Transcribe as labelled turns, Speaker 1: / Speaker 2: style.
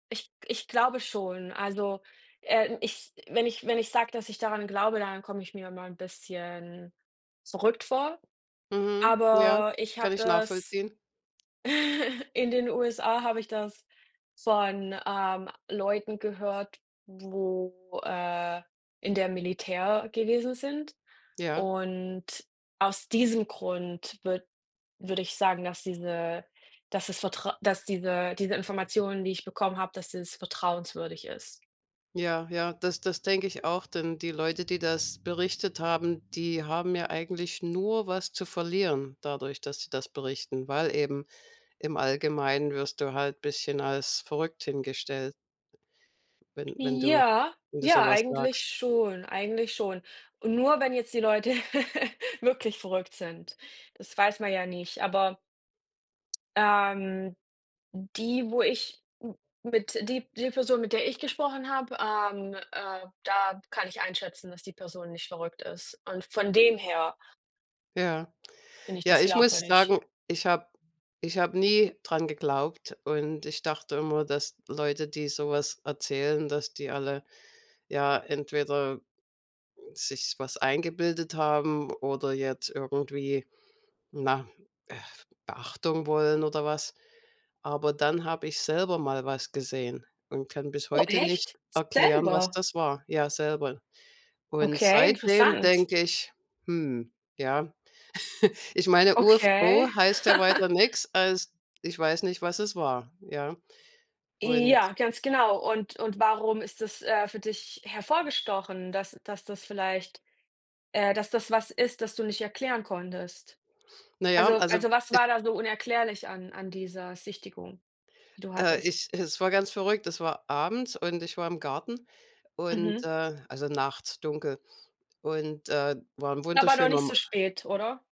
Speaker 1: Ich g ich glaube schon. Also, äh, ich wenn ich wenn ich sage, dass ich daran glaube, dann komme ich mir immer 'n bisschen verrückt vor.
Speaker 2: Mhm, ja,
Speaker 1: Aber ich habe
Speaker 2: kann ich
Speaker 1: das
Speaker 2: nachvollziehen.
Speaker 1: in den USA habe ich das von, ähm, Leuten gehört, wo äh, in der Militär gewesen sind.
Speaker 2: Ja.
Speaker 1: Und aus diesem Grund würd würde ich sagen, dass diese dass das Vertrau dass diese diese Informationen, die ich bekommen habe dass das vertrauenswürdig ist.
Speaker 2: Ja, ja, das das denke ich auch, denn die Leute, die das berichtet haben, die haben ja eigentlich nur was zu verlieren dadurch, dass sie das berichten. Weil eben im Allgemeinen wirst du halt bisschen als verrückt hingestellt wenn wenn du
Speaker 1: Ja,
Speaker 2: wenn du so
Speaker 1: ja,
Speaker 2: was
Speaker 1: eigentlich
Speaker 2: sagst.
Speaker 1: schon. Eigentlich schon. Und nur wenn jetzt die Leute wirklich verrückt sind Das weiß man ja nicht. Aber ähm, d die, wo ich m mit die die Person, mit der ich gesprochen habe, ähm, äh, da kann ich einschätzen, dass die Person nicht verrückt ist. Und von dem her
Speaker 2: Ja.
Speaker 1: finde ich
Speaker 2: Ja
Speaker 1: das
Speaker 2: ich muss
Speaker 1: glaubwürdig.
Speaker 2: sagen, ich habe ich habe nie daran geglaubt, und ich dachte immer, dass Leute, die so etwas erzählen dass die alle, ja, entweder, äh, sich was eingebildet haben oder jetzt irgendwie, na, Beachtung wollen oder was. Aber dann habe ich selber mal was gesehen und kann bis
Speaker 1: Oh,
Speaker 2: heute nicht
Speaker 1: echt?
Speaker 2: erklären, was
Speaker 1: Selber?
Speaker 2: das war. Ja, selber. Und
Speaker 1: Okay,
Speaker 2: seitdem
Speaker 1: interessant.
Speaker 2: denke ich: „Hm, ja." Ich meine,
Speaker 1: Okay.
Speaker 2: U-F-O heißt ja weiter nix, als ich weiß nicht, was es war, ja. Und
Speaker 1: Ja, ganz genau. Und und warum ist das, äh, für dich hervorgestochen, dass dass das vielleicht, äh, dass das was ist, das du nicht erklären konntest?
Speaker 2: Na ja,
Speaker 1: Also
Speaker 2: also,
Speaker 1: also was
Speaker 2: e
Speaker 1: war da so unerklärlich an an dieser Sichtung, die du
Speaker 2: Äh,
Speaker 1: hattest?
Speaker 2: ich es war ganz verrückt, das war abends, und ich war im Garten und
Speaker 1: Mhm.
Speaker 2: äh, also, nachts, dunkel, und, äh, war 'n
Speaker 1: Aber noch
Speaker 2: wunderschöner
Speaker 1: nicht
Speaker 2: Ma
Speaker 1: so spät, oder?